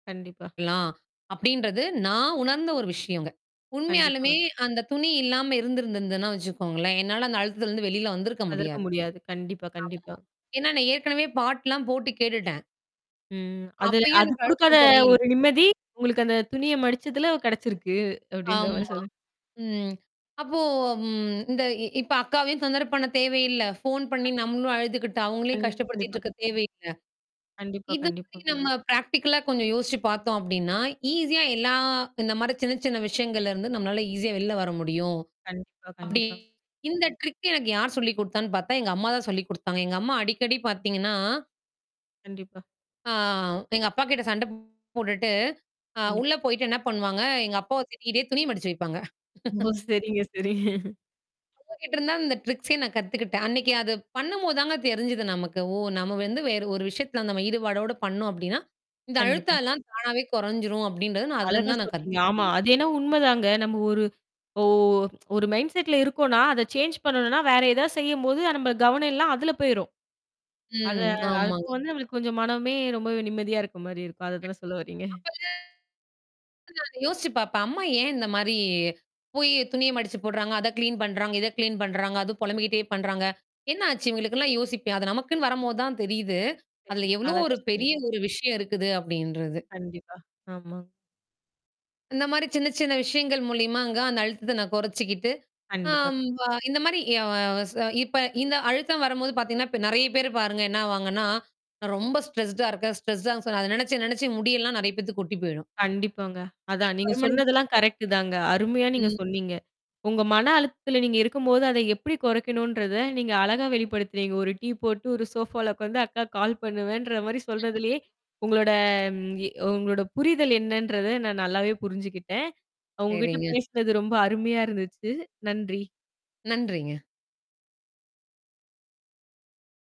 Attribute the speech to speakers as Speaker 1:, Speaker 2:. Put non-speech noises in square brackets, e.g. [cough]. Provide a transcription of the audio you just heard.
Speaker 1: கண்டிப்பா.
Speaker 2: கலாம். அப்டின்றது நான் உணர்ந்த ஒரு விஷயங்க. உண்மையாலுமே
Speaker 1: கண்டிப்பாங்க.
Speaker 2: அந்த துணி இல்லாம இருந்திருந்திருதுன்னா வச்சுக்கோங்களேன். என்னால அந்த அழுத்தத்திலருந்து வெளில வந்திருக்க முடியாது.
Speaker 1: அதற்கும் முடியாது. கண்டிப்பா
Speaker 2: ஆமா.
Speaker 1: கண்டிப்பா.
Speaker 2: ஏன்னா நான் ஏற்கனவே பாட்டுலாம் போட்டு கேட்டுட்டேன்.
Speaker 1: ம். அது
Speaker 2: அப்பயும்
Speaker 1: அது
Speaker 2: எனக்கு
Speaker 1: குடுக்காத
Speaker 2: அழுத்தம் குறையில்
Speaker 1: ஒரு நிம்மதி உங்களுக்கு அந்த துணிய மடிச்சதுல கெடைச்சிருக்கு. அப்படின்ற
Speaker 2: ஆமா.
Speaker 1: மாரி சொல்றீ
Speaker 2: ம். அப்போ ம் இந்த இ இப்ப அக்காவையும் தொந்தர பண்ண தேவையில்ல. ஃபோன் பண்ணீ
Speaker 1: அ,
Speaker 2: நம்மளும் அழுதுக்கிட்டு, அவுங்களையும் கஷ்டப்படுத்திட்டு
Speaker 1: கண்டிப்பா.
Speaker 2: இருக்க தேவையில்ல.
Speaker 1: கண்டிப்பா
Speaker 2: இது
Speaker 1: கண்டிப்பா.
Speaker 2: மாரி நம்ம பிராக்டிகலா கொஞ்சம் யோசிச்சு பாத்தோம் அப்டின்னா, ஈஸியா எல்லா இந்த மாரி சின்ன சின்ன விஷயங்கள்ல இருந்து நம்மளால ஈஸியா வெளில வர முடியும்.
Speaker 1: கண்டிப்பா
Speaker 2: அப்டி
Speaker 1: கண்டிப்பாங்
Speaker 2: இந்த ட்ரிக்கு எனக்கு யார் சொல்லி குடுத்தான்னு பாத்தா, எங்க அம்மா தான் சொல்லி குடுத்தாங்க. எங்க அம்மா அடிக்கடி பாத்தீங்கன்னா
Speaker 1: கண்டிப்பா.
Speaker 2: ஆ எங்க அப்பா கிட்ட சண்டப் போட்டுட்டு. அ
Speaker 1: கண்டிப்
Speaker 2: உள்ள போயிட்டு என்னா பண்ணுவாங்க? எங்க அப்பாவ திட்டிக்கிட்டே துணி மடிச்சு வைப்பாங்க. [laughs]
Speaker 1: ரொம்போ சரிங்க சரிங்க.
Speaker 2: அவுங்க கிட்ட இருந்துதான், இந்த ட்ரிக்ஸயே நான் கத்துக்கிட்டேன். அன்னைக்கு அது பண்ணும்போது தாங்க தெரிஞ்சுது நமக்கு. ஓ! நம்ம வந்து வேற ஒரு விஷயத்தல நம்ம ஈடுபாடோட பண்ணோம் அப்டின்னா. இந்த அழுத்த
Speaker 1: கண்டிப்பா.
Speaker 2: எல்லாம் தானாவே கொறைஞ்சிரும் அப்டின்றது, நான்
Speaker 1: அழகா
Speaker 2: அதுலருந்து தான் நான்
Speaker 1: சொன்னீங்க. ஆமா.
Speaker 2: கத்துகிட்டேனே!
Speaker 1: அது என்னா உண்மைதாங்க. நம்ம ஒரு ஓ ஒரு மைண்ட் செட்ல இருக்கோன்னா, அத சேஞ்ச் பண்ணணுன்னா, வேற ஏதாவது செய்யும்போது அ நம்ப கவனம் எல்லாம் அதுல போயிரும். அத
Speaker 2: ம்,
Speaker 1: அது அப்போ
Speaker 2: ஆமாங்க.
Speaker 1: வந்து, நம்மளுக்கு கொஞ்சம் மனமே ரொம்பவே நிம்மதியா இருக்க மாரி இருக்கும். அத தான சொல்ல
Speaker 2: கண்டிப்பா,
Speaker 1: வர்றீங்க?
Speaker 2: அப்பதா அ. [unintelligible] யோசிச்சு பாப்பேன். அம்மா ஏன் இந்த மாரி போயி, துணிய மடிச்சு போடுறாங்க, அத கிளீன் பண்றாங்க, இத கிளீன் பண்றாங்க. அதும் பொலம்பிக்கிட்டே பண்றாங்க! என்னா ஆச்சு? இவுங்களுக்குன்ல்லாம் யோசிப்பேன். அது நமக்குன்னு வரம்போது தான் தெரியுது.
Speaker 1: சரி,
Speaker 2: அதுல எவ்ளோ
Speaker 1: அழகா
Speaker 2: ஒரு பெரிய
Speaker 1: சொன்னீங்க.
Speaker 2: ஒரு விஷயம் இருக்குது அப்டின்றது.
Speaker 1: கண்டிப்பா, ஆமாங்
Speaker 2: இந்த மாரி சின்ன சின்ன விஷயங்கள் மூலியமா அங்க அந்த அழுத்தத்த நான் கொறைச்சுக்கிட்டு.
Speaker 1: கண்டிப்பா
Speaker 2: ஆம்
Speaker 1: [unintelligible]
Speaker 2: வ இந்த மாரி அ ச இப்ப இந்த அழுத்தம் வரம்போது பாத்தீங்கன்னா இப்ப நெறையா பேரு பாருங்க என்னா ஆவாங்கன்னா, நான் ரொம்ப ஸ்ட்ரெஸ்டா இருக்கேன். ஸ்ட்ரெஸ்டான்னு சொன்னா, அத நெனச்சு நெனச்சு முடி எல்லாம் நெறையா பேத்துக்கு கொட்டி போயிரும்.
Speaker 1: கண்டிப்பாங்க. அதான் நீங்க சொன்னதெல்லாம்
Speaker 2: [unintelligible]
Speaker 1: கரெக்ட்டு தாங்க. அருமையா நீங்க
Speaker 2: ம்.
Speaker 1: சொன்னீங்க. உங்க மன அழுத்தத்தில நீங்க இருக்கும்போது அத எப்படி குறைக்கணுன்றத, நீங்க அழகா வெளிப்படுத்துனீங்க. ஒரு டீ போட்டு, ஒரு சோஃபால உக்காந்து அக்காக்கு கால் பண்ணுவேன்ற மாரி
Speaker 2: [unintelligible]
Speaker 1: சொல்றதிலேயே, உங்களோட ம் எ உங்களோட புரிதல் என்னன்றத நான் நல்லாவே புரிஞ்சுக்கிட்டேன். உங்ககிட்ட
Speaker 2: சரிங்க.
Speaker 1: பேசினது, ரொம்ப அருமையா இருந்துச்சு. நன்றி.
Speaker 2: நன்றிங்க.